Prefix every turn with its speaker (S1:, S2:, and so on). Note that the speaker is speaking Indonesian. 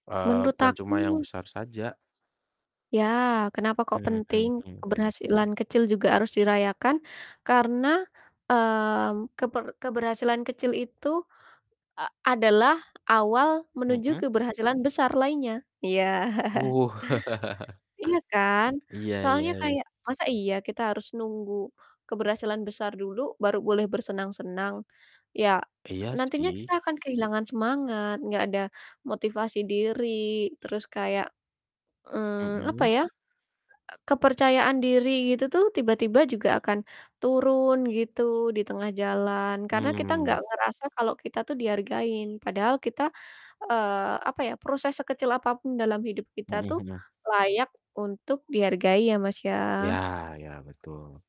S1: Eee,
S2: Menurut
S1: bukan cuma yang
S2: aku
S1: besar saja.
S2: Ya, kenapa kok
S1: Hmm hmm
S2: penting,
S1: hmm.
S2: keberhasilan kecil juga harus dirayakan, karena, mmm, keber keberhasilan kecil itu e adalah awal menuju
S1: Mhm.
S2: keberhasilan besar lainnya, iya
S1: Wuh.
S2: Iya kan?
S1: Iya iya
S2: Soalnya
S1: iya.
S2: kayak masa iya kita harus nunggu keberhasilan besar dulu, baru boleh bersenang-senang. Ya.
S1: Iya,
S2: nantinya
S1: sih.
S2: kita akan kehilangan semangat, gak ada motivasi diri, terus kayak, mmm, apa
S1: Mhm.
S2: ya, e kepercayaan diri itu tuh, tiba-tiba juga akan turun gitu, di tengah jalan, karena kita gak
S1: Mhm.
S2: ngerasa kalau kita tuh dihargain, padahal kita, eee, apa ya, proses sekecil apapun dalam hidup kita
S1: Mhm
S2: tuh,
S1: mhm.
S2: layak untuk dihargai ya, Mas,
S1: Iya
S2: ya.
S1: iya, betul.